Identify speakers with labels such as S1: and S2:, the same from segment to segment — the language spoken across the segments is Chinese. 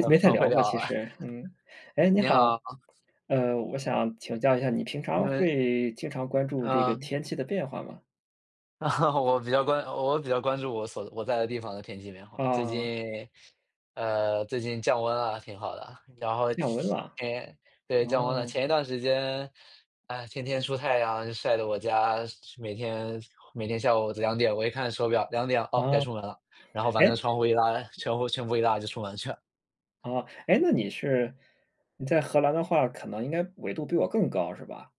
S1: 嗯，
S2: 没太
S1: 很会
S2: 聊过
S1: 聊
S2: 其
S1: 了。
S2: 实。嗯哎，你
S1: 你
S2: 好。
S1: 好。
S2: 呃，我想请教一下你平
S1: 因
S2: 常
S1: 为
S2: 会经常关注这个
S1: 嗯。
S2: 天气的变化吗？
S1: 我比较关我比较关注我所我在的地方的天气变化，最
S2: 哦。
S1: 近呃，最近降温了，挺好的。然后，
S2: 降温了？
S1: 天对，降
S2: 哦。
S1: 温了。前一段时间，啊，天天出太阳，晒得我家，每天每天下午2:00，我一看手表，2:00，哦，该
S2: 啊。
S1: 出门了。然后把那
S2: 诶
S1: 窗户一拉全户全部一拉就出门去了。
S2: 啊。诶，那你是你在荷兰的话，可能应该纬度比我更高，是吧？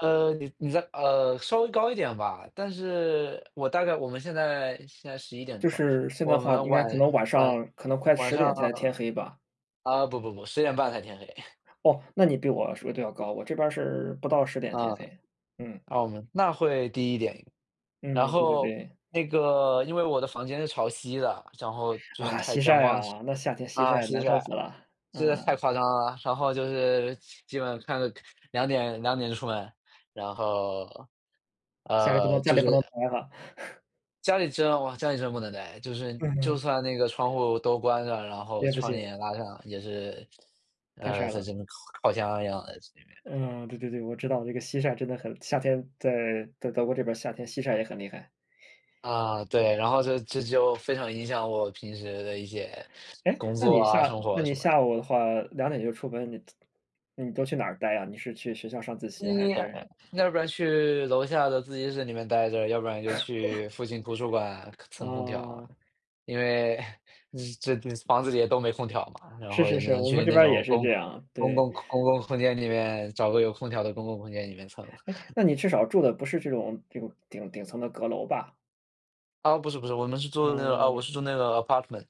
S1: 呃，你你在呃，稍微高一点吧。但是我大概我们现在现在11:00
S2: 就
S1: 吧，
S2: 是现在的
S1: 我
S2: 话
S1: 们
S2: 应该
S1: 晚
S2: 可能晚
S1: 晚
S2: 上可能快
S1: 晚
S2: 十
S1: 上
S2: 点才天
S1: 啊
S2: 黑吧。
S1: 啊，不不不，10:30才天黑。
S2: 哦，那你比我说得要高，我这边儿是不到10:00天
S1: 嗯。
S2: 黑，嗯。
S1: 啊，我们那会低一点。然
S2: 嗯，对对
S1: 后
S2: 对。
S1: 那个因为我的房间是朝西的，然后就是
S2: 啊，
S1: 太
S2: 西
S1: 阳
S2: 晒
S1: 光
S2: 啊？那夏天西
S1: 啊，
S2: 晒
S1: 西
S2: 难受
S1: 晒。
S2: 死了，
S1: 真的是太
S2: 嗯。
S1: 夸张了，然后就是基本看着2:002:00出门。然后
S2: 家里不
S1: 呃，
S2: 能家
S1: 就
S2: 里不能
S1: 是
S2: 待了。
S1: 家里真哇，家里真不能待。就是
S2: 嗯
S1: 就
S2: 嗯。
S1: 算那个窗户都关上，然后
S2: 也不
S1: 窗
S2: 行。
S1: 帘拉上也是
S2: 太
S1: 呃，
S2: 晒
S1: 在
S2: 了。
S1: 这边烤烤箱一样的，这边。
S2: 嗯，对对对。我知道这个西晒真的很夏天在在德国这边儿，夏天西晒也很厉害。
S1: 啊，对。然后就这就非常影响我平时的一些
S2: 诶，
S1: 工
S2: 那
S1: 作
S2: 你
S1: 啊、
S2: 下
S1: 生活
S2: 那
S1: 啊
S2: 你
S1: 什么
S2: 下
S1: 的。
S2: 午的话，2:00就出门，你你都去哪儿待啊？你是去学校上自习还
S1: 嗯，
S2: 是
S1: 要不然去楼下的自习室里面待着，要不然就 去附近图书馆蹭空调啊。
S2: 啊。
S1: 因为 这房子里的都没空调嘛，然
S2: 是
S1: 后也
S2: 是
S1: 只
S2: 是。
S1: 能
S2: 我们
S1: 去
S2: 这
S1: 那
S2: 边儿也
S1: 种
S2: 是
S1: 公
S2: 这样，
S1: 公
S2: 对。
S1: 共公共空间里面找个有空调的公共空间里面蹭。
S2: 哎，那你至少住的不是这种这种顶顶层的阁楼吧？
S1: 啊，不是不是，我们是住那个啊，我
S2: 嗯。
S1: 是住那个 apartment。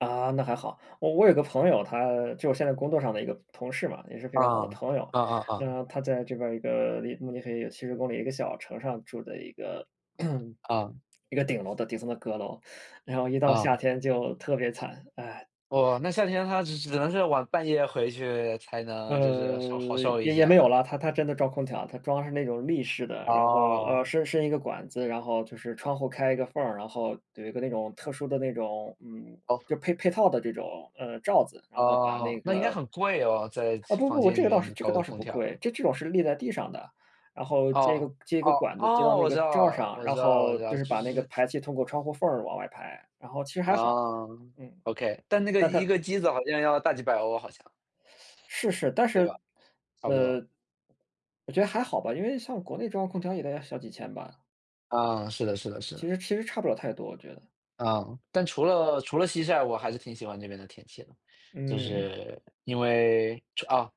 S2: 啊，那还好，我我有个朋友，他就我现在在工作上的一个同事嘛，也是非
S1: 啊，
S2: 常好的朋友，
S1: 啊啊啊。
S2: 那他在这边儿一个，离慕尼黑有70公里一个小城上，住的一个
S1: 啊。
S2: 一个顶楼的顶层的阁楼，然后一到
S1: 啊。
S2: 夏天就特别惨，唉。
S1: 哦，那夏天他只只只能是，晚半夜回去，才能就是稍
S2: 呃，
S1: 好受一
S2: 也
S1: 些
S2: 也没有
S1: 啊。
S2: 了，它它真的装空调，它装的是那种立式的，然后，呃，
S1: 哦。
S2: 伸伸一个管子，然后，就是窗户开一个缝儿，然后，有一个那种特殊的那种嗯，
S1: 哦。
S2: 就配配套的这种，呃，罩子，然后把
S1: 哦，
S2: 那
S1: 那应该
S2: 个
S1: 很贵哦，在，
S2: 啊，不
S1: 房
S2: 不不，
S1: 间
S2: 这
S1: 里
S2: 个倒
S1: 面
S2: 是这
S1: 搞
S2: 个
S1: 个
S2: 倒是
S1: 空
S2: 不
S1: 调。
S2: 贵。这种是立在地上的，然后接一
S1: 哦，
S2: 个接一
S1: 哦，
S2: 个管子接到
S1: 哦，
S2: 那
S1: 我
S2: 个
S1: 知道
S2: 罩儿
S1: 了，
S2: 上，
S1: 我
S2: 然
S1: 知道我
S2: 后，
S1: 知道，
S2: 就是
S1: 就
S2: 把那个
S1: 是
S2: 排气通过窗户缝儿往外排，然后其实还好。
S1: 哦
S2: 嗯，
S1: ，okay。但那个
S2: 但
S1: 一
S2: 它
S1: 个机子，好像要大几百欧，好像。
S2: 是是，但
S1: 对吧，
S2: 是
S1: 差不多。
S2: 呃，我觉得还好吧，因为像国内中央空调也得要小几千吧。
S1: 啊，是的是的是
S2: 其
S1: 的。
S2: 实其实，差不了太多，我觉得。
S1: 嗯。但除了除了夕晒，我还是挺喜欢那边的天气的。就
S2: 嗯。
S1: 是因为，除啊，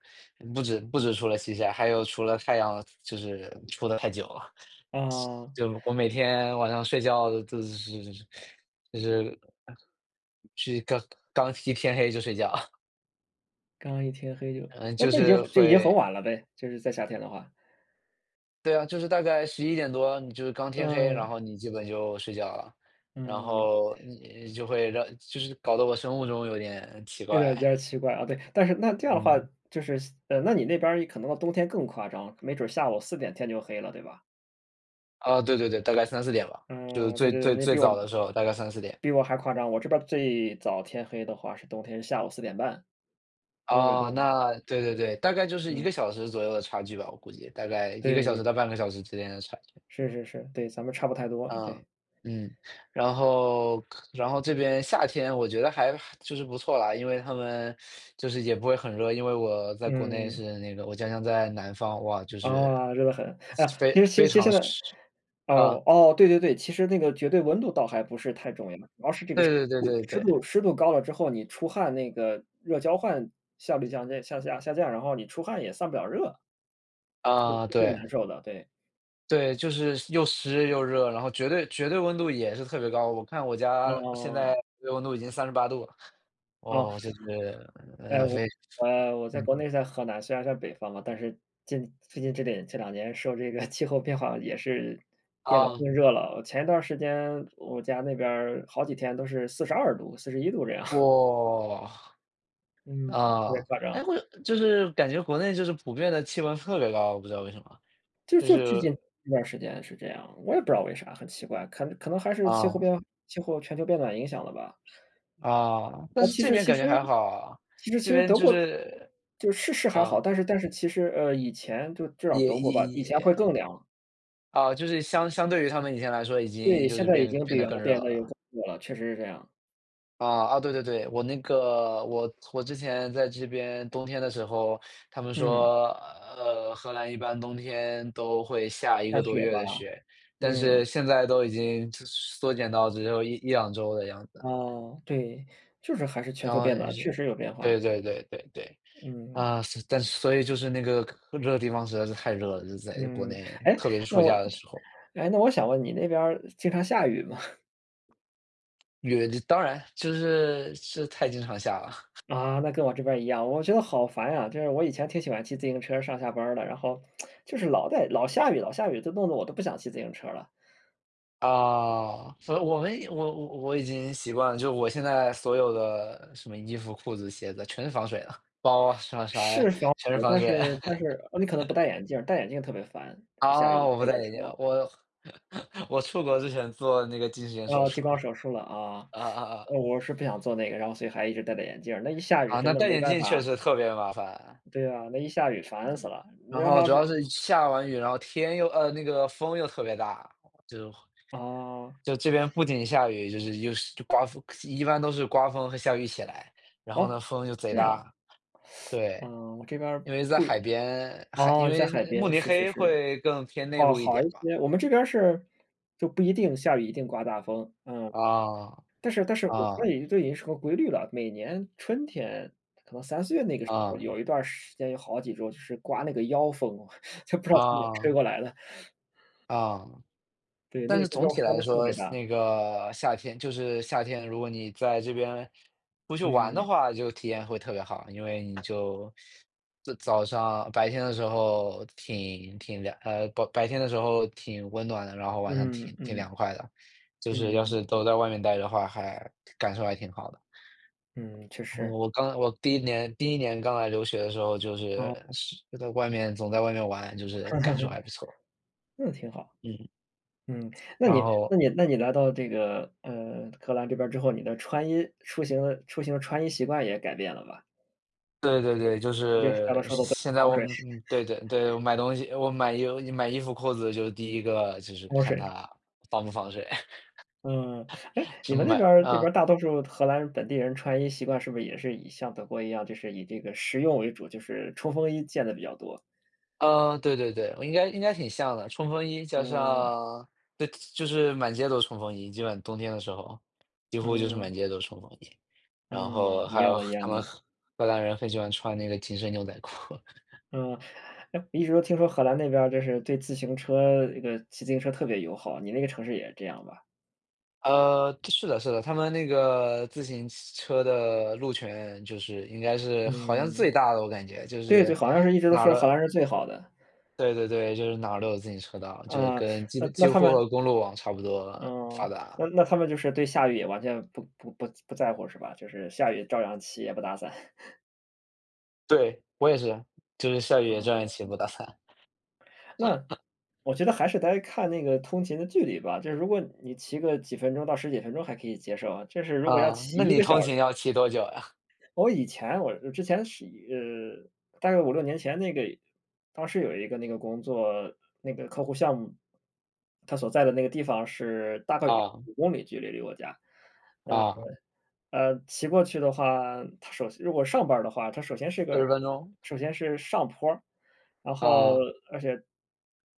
S1: 不止不止除了夕晒，还有除了太阳就是出得太久了。
S2: 哦。
S1: 就我每天晚上睡觉就是就是去刚刚一天黑就睡觉。
S2: 刚一天黑就
S1: 嗯，
S2: 那
S1: 就
S2: 那已经
S1: 是
S2: 就已经很
S1: 会
S2: 晚了呗，就是在夏天的话？
S1: 对啊，就是大概11:00多你就是刚天黑，然
S2: 嗯。
S1: 后你基本就睡觉了。然
S2: 嗯。
S1: 后你就会让就是搞得我生物钟有点奇
S2: 有点
S1: 怪。
S2: 比较奇怪啊。对，但是那这样的话
S1: 嗯。
S2: 就是呃，那你那边可能到冬天更夸张，没准下午4:00天就黑了，对吧？
S1: 啊，对对对，大概3:00-4:00吧。就是
S2: 嗯，对
S1: 最
S2: 对对。
S1: 最
S2: 你也
S1: 最
S2: 比
S1: 早
S2: 我
S1: 的时候大概3:00-4:00。
S2: 比我还夸张。我这边儿最早天黑的话是冬天下午4:30。因为纬
S1: 哦，
S2: 度
S1: 那对对对。大概就是1
S2: 嗯。
S1: 个小时左右的差距吧，我估计。大概1个小时
S2: 对。
S1: 到半个小时之间的差距。
S2: 是是是，对。咱们差不太多，对。
S1: 嗯。嗯。然后然后这边夏天我觉得还还就是不错啦，因为它们就是也不会很热。因为我在国内
S2: 嗯。
S1: 是那个我家乡在南方，哇，就是
S2: 啊，热得很。啊，其
S1: 非
S2: 实其实
S1: 非
S2: 其实
S1: 常
S2: 呢
S1: 湿，啊。
S2: 哦哦，对对对，其实那个绝对温度倒还不是太重要。主要是这个湿
S1: 对对
S2: 度
S1: 对
S2: 湿
S1: 对
S2: 度
S1: 对。
S2: 湿度高了之后，你出汗那个热交换效率降低向下下降，然后你出汗也散不了热。这是
S1: 啊，
S2: 最
S1: 对。
S2: 难受的，对。
S1: 对，就是又湿又热。然后绝对绝对温度也是特别高，我看我家现在
S2: 哦。
S1: 这个温度已经38度了。
S2: 哦。
S1: 哦，就是
S2: 哎，
S1: 呃，
S2: 我
S1: 非非
S2: 我在
S1: 嗯。
S2: 国内在河南，虽然在北方嘛，但是近最近这点这两年受这个 气候变化也是变得
S1: 啊。
S2: 更热了。我前一段时间我家那边好几天都是42度、41度这样。
S1: 哇，
S2: 嗯，特别
S1: 啊。
S2: 夸
S1: 哎，
S2: 张。
S1: 我就是感觉国内就是普遍地气温特别高，我不知道为什么，
S2: 就
S1: 就
S2: 就最
S1: 是
S2: 近一段时间是这样，我也不知道为啥，很奇怪。可能可能还是气候
S1: 啊。
S2: 变化气候全球变暖影响了吧？
S1: 啊，但
S2: 啊。
S1: 是
S2: 其
S1: 这
S2: 实
S1: 边
S2: 其
S1: 感觉
S2: 实，
S1: 还好啊，
S2: 其实其
S1: 这
S2: 实
S1: 边
S2: 德
S1: 就
S2: 国，
S1: 是
S2: 就是是还好，
S1: 啊。
S2: 但是但是其实，呃，以前就至少
S1: 也
S2: 德国
S1: 也
S2: 吧，以前会
S1: 也
S2: 更凉。
S1: 啊，就是相相对于它们以前来说已经
S2: 对，
S1: 就
S2: 现
S1: 是
S2: 在已
S1: 变
S2: 经
S1: 变
S2: 比
S1: 得
S2: 原
S1: 更
S2: 来
S1: 热
S2: 变得又
S1: 了。
S2: 更热了，确实是这样。
S1: 啊，啊，对对对，我那个我我之前在这边冬天的时候，他们
S2: 嗯。
S1: 说，呃，荷兰一般冬天都会下一
S2: 下
S1: 个多
S2: 雪
S1: 月
S2: 吧，
S1: 的雪，但是
S2: 嗯。
S1: 现在都已经缩减到只有11-2周的样子了。
S2: 哦，对，就是还是全
S1: 然
S2: 球
S1: 后
S2: 变暖，
S1: 是
S2: 确实有变
S1: 对
S2: 化。
S1: 对对对对，
S2: 嗯。
S1: 啊，所但所以就是那个这个地方实在是太热了，就是在国
S2: 嗯，
S1: 内，
S2: 诶，
S1: 特别是
S2: 那
S1: 暑
S2: 我
S1: 假的时候。
S2: 诶，那我想问你那边儿经常下雨吗？
S1: 雨，这当然，其实是是太经常下了。
S2: 啊，那跟我这边一样，我觉得好烦啊。就是我以前挺喜欢骑自行车上下班的，然后 就是老在老下雨老下雨，就弄得我都不想骑自行车儿了。
S1: 啊，所以我们我我我已经习惯了，就我现在所有的什么衣服、裤子、鞋子全是防水的，包啊，什么啥啊，
S2: 是防
S1: 全是
S2: 水，
S1: 防
S2: 但
S1: 水。
S2: 是但是，哦，你可能不戴眼镜儿，戴眼镜特别烦，下雨的
S1: 啊，我
S2: 下
S1: 不
S2: 雨的
S1: 戴
S2: 时
S1: 眼镜，
S2: 候。
S1: 我 我出国之前做的那个近视眼手
S2: 哦，
S1: 术，
S2: 激光手术了啊，
S1: 啊啊 啊。
S2: 我是不想做那个，然后所以还一直戴着眼镜，那一下雨
S1: 啊，
S2: 真
S1: 那
S2: 的
S1: 戴
S2: 没
S1: 眼
S2: 办
S1: 镜确
S2: 法
S1: 实特别麻烦。
S2: 对啊，那一下雨烦死了，你
S1: 然
S2: 知道
S1: 后
S2: 它
S1: 主要
S2: 是
S1: 是下完雨，然后天又呃，那个风又特别大，就是
S2: 哦。
S1: 就这边不仅下雨，就是又是刮风，一般都是刮风和下雨一起来。然后
S2: 哦，
S1: 呢，风就贼
S2: 这
S1: 大
S2: 样。
S1: 对，
S2: 嗯，我这边
S1: 因为在
S2: 不
S1: 海边，海因
S2: 哦，在海
S1: 为慕
S2: 边，
S1: 尼
S2: 是是
S1: 黑
S2: 是。
S1: 会更偏内
S2: 哦，
S1: 陆一
S2: 好
S1: 点
S2: 一
S1: 吧。
S2: 些，我们这边儿是就不一定下雨，一定刮大风。嗯，
S1: 啊
S2: 但是但是我觉
S1: 啊。
S2: 得都已经是个规律了，每年春天，可可能3、4月那个时候，
S1: 啊。
S2: 有一段儿时间，有好几周就是刮那个妖风，就不知道从哪吹
S1: 啊。
S2: 过来了。
S1: 啊，
S2: 对，
S1: 但
S2: 那
S1: 是
S2: 个
S1: 总
S2: 妖
S1: 体
S2: 风
S1: 来
S2: 特
S1: 说，
S2: 别
S1: 夏
S2: 大。
S1: 那个夏天就是夏天，如果你在这边不去玩的
S2: 嗯。
S1: 话，就体验会特别好，因为你就就早上，啊，白天的时候挺挺凉呃，不白天的时候挺温暖的，然后晚上
S2: 嗯
S1: 挺挺
S2: 嗯，
S1: 凉快的。就是要
S2: 嗯。
S1: 是都在外面呆的话，还感受还挺好的。
S2: 嗯，确实。
S1: 我刚来我第1年第1年刚来留学的时候，就是
S2: 哦。
S1: 是在外面总在外面玩，就是感受还 不错。
S2: 那挺好。
S1: 嗯。
S2: 嗯，那
S1: 然
S2: 你
S1: 后
S2: 那你那你来到这个，呃，荷兰这边之后，你的穿衣出行出行的穿衣习惯也改变了吧？
S1: 对对对，就是现现在我 们嗯，对对对，我买东西我买衣买衣服裤子就是第一个就是
S2: 防
S1: 看
S2: 水。
S1: 它防不防水。
S2: 嗯，哎，你们那边 儿那边
S1: 嗯。
S2: 儿大多数荷兰本地人穿衣习惯是不是也是以像德国一样，就是以这个实用为主，就是冲锋衣见得比较多？
S1: 嗯，对对对。我应该应该挺像的，冲锋衣加
S2: 嗯。
S1: 上对，就是满街都冲锋衣，基本上冬天的时候，几乎就是
S2: 嗯。
S1: 满街都冲锋衣。然
S2: 嗯，
S1: 后
S2: 一
S1: 还
S2: 样
S1: 有
S2: 的一
S1: 荷
S2: 样
S1: 他们
S2: 的。
S1: 荷荷兰人很喜欢穿那个紧身牛仔裤。
S2: 嗯。哎，我一直都听说荷兰那边儿就是对自行车这个骑自行车特别友好，你那个城市也是这样吧？
S1: 嗯，对是的是的，他们那个自行车的路权就是应该是好像是
S2: 嗯。
S1: 最大的，我感觉，就
S2: 对对，
S1: 是
S2: 好像是一直都
S1: 哪儿
S2: 说
S1: 都
S2: 荷兰是最好的。
S1: 对对对，就是哪儿都有自行车道，就是
S2: 嗯，
S1: 跟
S2: 那
S1: 几
S2: 那
S1: 几
S2: 他
S1: 乎
S2: 们
S1: 和公路网差不多了
S2: 嗯，
S1: 发
S2: 那
S1: 达。
S2: 那他们就是对下雨也完全不不不不在乎是吧？就是下雨照样骑也不打伞？
S1: 对，我也是，就是下雨也这
S2: 嗯，
S1: 样
S2: 那
S1: 骑我打算。
S2: 那 我觉得还是该看那个通勤的距离吧，就是如果你骑个几分钟到10几分钟还可以接受啊，就是如果要
S1: 啊，
S2: 骑
S1: 那
S2: 1
S1: 你
S2: 个小
S1: 通
S2: 时
S1: 勤要骑多久啊？
S2: 我以前，我之前是一呃，大概5-6年前那个当时有一个那个工作那个客户项目。他所在的那个地方是，大概有二
S1: 啊。
S2: 十五公里距离离我家，呃
S1: 啊。
S2: 呃，呃，骑过去的话，它首先如果上班儿的话，它首先是
S1: 四
S2: 个
S1: 十分钟。
S2: 首先是上坡儿，然后
S1: 啊。
S2: 而且，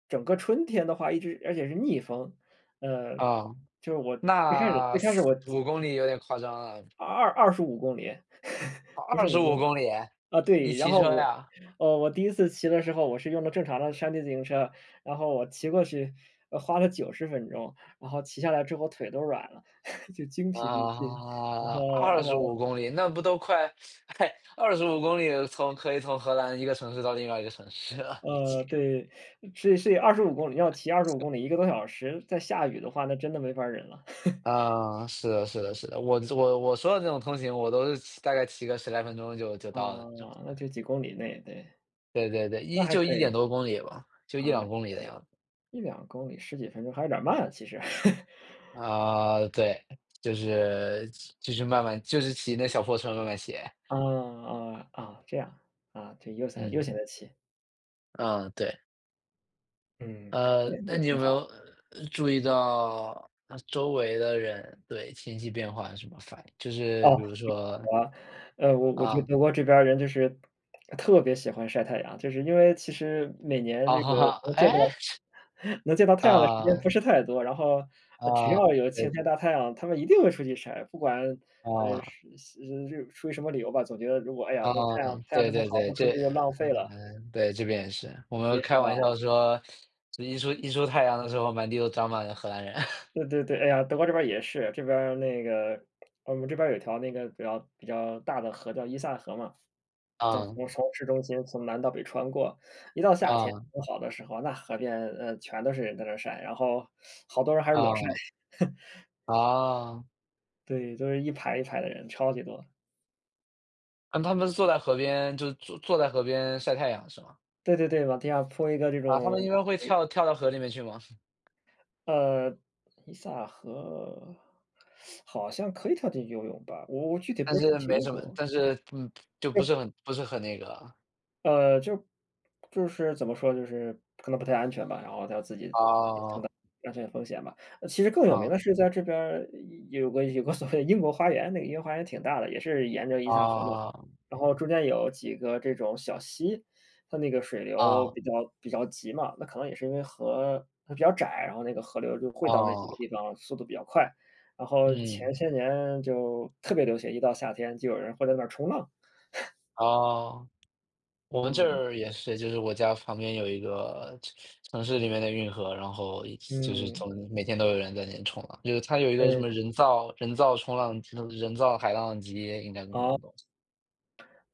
S2: 整个春天的话一直而且是逆风，呃，
S1: 啊，
S2: 就是我最开始
S1: 那
S2: 最开始
S1: 四
S2: 我
S1: 五公里有点夸张了。
S2: 二二25公里，
S1: 哦，
S2: 不是
S1: 二十
S2: 5
S1: 五
S2: 公
S1: 公里！
S2: 啊，
S1: 你
S2: 对，然
S1: 骑
S2: 后
S1: 车
S2: 我
S1: 呀？
S2: 呃，我第1次骑的时候，我是用的正常的山地自行车。然后我骑过去，呃，花了90分钟，然后骑下来之后腿都软了，就精疲力尽。然
S1: 啊，
S2: 后
S1: 二
S2: 然
S1: 十
S2: 后
S1: 五公里，那不都快 诶，25公里从可以从荷兰一个城市到另外一个城市了已经。
S2: 呃，对，是是25公里，要骑25
S1: 行。
S2: 公里，1个多小时，再下雨的话，那真的没法儿忍了。
S1: 嗯，是的是的是的，我这我我说的这种通勤，我都是骑大概骑个十来分钟就就到了就。
S2: 啊，那 就几公里内。对，
S1: 对对对，
S2: 那
S1: 1
S2: 还
S1: 就
S2: 可
S1: 1点
S2: 以。
S1: 多公里吧，
S2: 哦，
S1: 就1-2
S2: [unintelligible]
S1: 公里的样子。
S2: 1-2公里10几分钟还是有点儿慢，其实。
S1: 啊，对，嗯，就是就是慢慢就是骑那小破车慢慢骑。
S2: 啊啊啊，这样，啊，对，悠闲悠
S1: 嗯。
S2: 闲地骑。
S1: 嗯，对。
S2: 嗯，
S1: 呃，
S2: 那那
S1: 那
S2: 也
S1: 你有
S2: 挺
S1: 没
S2: 好。
S1: 有，注意到，那周围的人对，情绪变化有什么反应，就是
S2: 哦。
S1: 比如说
S2: [unintelligible] 呃，我我觉得
S1: 啊。
S2: 德国这边儿人就是，特别喜欢晒太阳，就是因为其实，每 年这个能见
S1: 哎？
S2: 到 能见到太阳的时间不
S1: 啊。
S2: 是太多，然后只
S1: 啊，
S2: 要有晴
S1: 是。
S2: 天大太阳，他们一定会出去晒，不管，呃，
S1: 啊。
S2: 是，嘶，呃，出于什么理由吧，总觉得如果，哎呀，都
S1: 哦，
S2: 太阳太阳
S1: 对
S2: 这么
S1: 对
S2: 好，
S1: 对，
S2: 不出
S1: 这
S2: 去就浪费了。
S1: 嗯，对，这边也是，我们
S2: 也是
S1: 开玩
S2: 吧。
S1: 笑说，这一出一出太阳的时候，满地都长满了荷兰人。
S2: 对对对，哎呀，德国这边儿也是，这边儿那个，我们这边儿有一条那个比较比较大的河，叫伊萨河嘛，对，
S1: 嗯。
S2: 从市中心从南到北穿过，一到夏天
S1: 啊。
S2: 很好的时候，那河边，呃，全都是人在那儿晒，然后，好多人还是裸晒。
S1: 哦。哦。
S2: 对，都是一排一排的人，超级多。
S1: 嗯，他们是坐在河边，就是坐坐在河边晒太阳，是吗？
S2: 对对对，往地下铺一个这
S1: 啊，他
S2: 种，
S1: 们一般会
S2: 呃
S1: 跳跳到河里面去吗？
S2: 呃，伊萨河，好像，可以跳进去游泳吧，我我具体不
S1: 但
S2: 是很
S1: 是，
S2: 清
S1: 没什么，
S2: 楚。
S1: 但是，嗯，就不
S2: 对。
S1: 是很，不是很那个。
S2: 呃，就是就是怎么说就是，可能不太安全吧，然后它自己也承担
S1: 啊。
S2: 安全风险吧。呃，其实更有名
S1: 啊。
S2: 的是在这边儿，有有个有个所谓的英国花园，那个英国花园挺大的，也是沿着伊萨河那。
S1: 啊。
S2: 然后中间有几个这种小溪，它那个水流
S1: 啊。
S2: 比较比较急嘛，那可能也是因为河它比较窄，然后那个河流就汇到那几个
S1: 哦。
S2: 地方，速度比较快。然后前
S1: 嗯。
S2: 些年就特别流行，一到夏天就有人会在那儿冲浪。
S1: 哦，我们这
S2: 嗯。
S1: 儿也是。就是我家旁边有一个城城市里面的运河，然后就是
S2: 嗯。
S1: 总每天都有人在那边冲浪。就是它有一个什
S2: 嗯。
S1: 么人造人造冲浪嗯，人造海浪机应该什么
S2: 哦。
S1: 那种。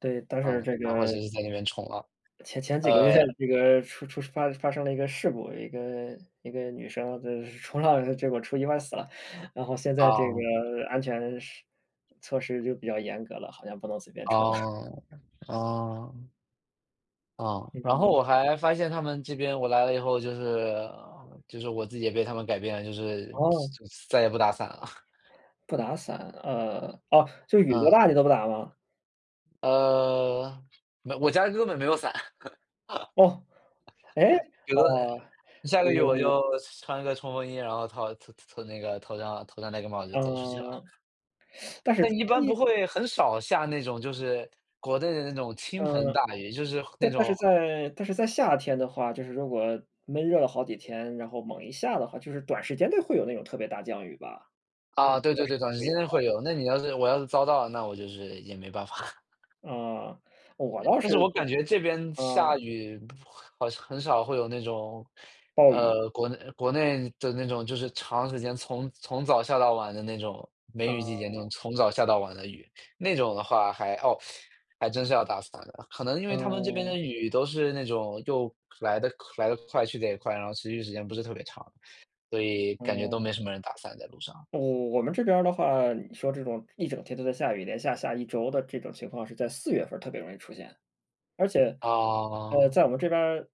S2: 对，但是
S1: 嗯。
S2: 这
S1: 然后
S2: 个
S1: 就是在那边冲浪，
S2: 前前几个月，
S1: 呃
S2: 这个出出发发生了一个事故，一个一个女生就是冲浪，结果出意外死了。然后，现在这个
S1: 哦。
S2: 安全施措施就比较严格了，好像不能随便冲了。
S1: 哦，哦。啊，
S2: 嗯
S1: 然后
S2: 嗯。
S1: 我还发现他们这边我来了以后就是就是我自己也被他们改变了，就是
S2: 哦。
S1: 再再也不打伞了。
S2: 不打伞，呃，哦，这雨多
S1: 嗯。
S2: 大你都不打吗？
S1: 呃，没有我家根本没有伞。
S2: 哦，哎，
S1: 顶多
S2: 哦，
S1: 下个雨我
S2: 嗯。
S1: 就穿一个冲锋衣，然后套套套那个，头上头上那个帽子就走出去了。
S2: 嗯。但是
S1: 但
S2: 冲
S1: 一
S2: 锋
S1: 般不
S2: 衣
S1: 会很少下那种就是国内的那种倾盆
S2: 呃，
S1: 大雨，就是那
S2: 但但
S1: 种
S2: 是在但是在夏天的话，就是如果闷热了好几天，然后猛一下的话，就是短时间内会有那种特别大降雨吧？
S1: 啊，对对
S2: [unintelligible]
S1: 对，
S2: 是
S1: 短时
S2: 会有
S1: 间内
S2: 的。
S1: 会有，那你要是我要是遭到了，那我就是也没办法。
S2: 嗯，我倒
S1: 但是
S2: 是
S1: 我
S2: 会
S1: 感觉这边下
S2: 嗯。
S1: 雨好像很少会有那种，
S2: 暴雨。
S1: 呃，国内国内的那种，就是长时间从从早下到晚的那种梅雨季节那种
S2: 嗯。
S1: 从早下到晚的雨，那种的话还，哦，还真是要打伞的。可能因为他们这边
S2: 嗯。
S1: 的雨都是那种又来得来得快，去得也快，然后持续时间不是特别长，所以感觉都
S2: 哦。
S1: 没什么人打伞在路上。
S2: 我我们这边儿的话，你说这种一整天都在下雨，连下下一周的这种情况是在四月份儿特别容易出现，而且，呃，
S1: 哦。
S2: 在我们这边儿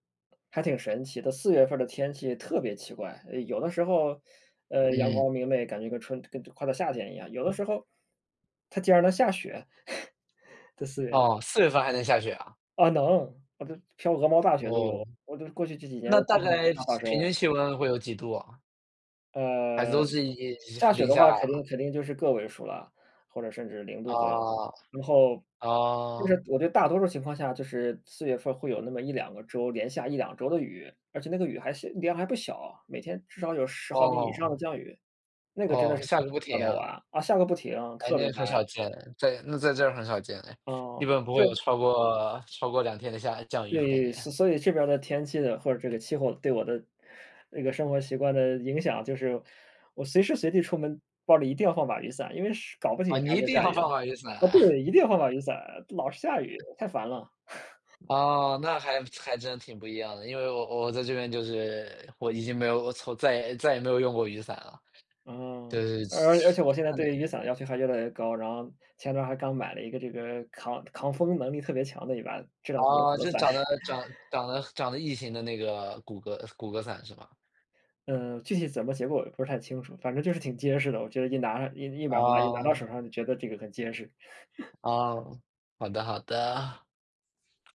S2: 还挺神奇的，四月份儿的天气特别奇怪，有的时候，呃，阳
S1: 嗯。
S2: 光明媚，感觉跟春快到夏天一样，有的时候。它竟然能下雪。在四月。
S1: 哦，4月份还能下雪啊？
S2: 啊，能，哦，这飘鹅毛大雪都
S1: 哦，
S2: 有，我这过去这几年
S1: 那
S2: [unintelligible]
S1: 大
S2: 经
S1: 概
S2: 常发
S1: 平
S2: 生。
S1: 均气温会有几度啊？还是都
S2: 呃，
S1: 是一
S2: 下雪
S1: 零
S2: 的话
S1: 下。
S2: 肯定肯定就是个位数了，或者甚至0度左右。
S1: 啊。
S2: 然后就是，
S1: 哦。
S2: 我觉得大多数情况下就是四月份会有那么1-2个周，连下1-2周的雨，而且那个雨还是量还不小，每天至少有10毫米以上的
S1: 哦。
S2: 降雨，那个真的
S1: 哦，
S2: 是
S1: 下
S2: 从
S1: 个不
S2: 下
S1: 停
S2: 到
S1: 啊。
S2: 晚，啊，下个不停，
S1: 哎，
S2: 特别
S1: 那很少
S2: 烦。
S1: 见，在那在这儿很少见了。一
S2: 哦，
S1: 般不会有
S2: 就
S1: 超过超过2天的下降雨感
S2: 对，
S1: 觉。
S2: 所所以这边的天气的或者这个气候对我的这个生活习惯的影响，就是我随时随地出门包里一定要放把雨伞，因为是搞不齐
S1: 哦，你
S2: 啥
S1: 一
S2: 就
S1: 定
S2: 下
S1: 要
S2: 雨了。
S1: 放啊，雨伞。
S2: 啊 对，一定要放把雨伞，老是下雨，太烦了。
S1: 哦，那还还真的挺不一样的。因为我我在这边就是，我已经没有我从再也再也没有用过雨伞了。
S2: 嗯，
S1: 对。
S2: 而而且我现在对雨
S1: [unintelligible]
S2: 伞的要求还越来越高。然后前段还刚买了一个这个抗抗风能力特别强的一把，质量特别
S1: 噢，
S2: 好的
S1: 就
S2: 伞。
S1: 长得长 长得长得异形的那个骨骼骨骼伞是吧？
S2: 嗯，具体怎么结果，不是太清楚，反正就是挺结实的，我觉得一拿一一把拿拿到手
S1: 哦。
S2: 上，就觉得这个很结实。
S1: 哦，好的好的。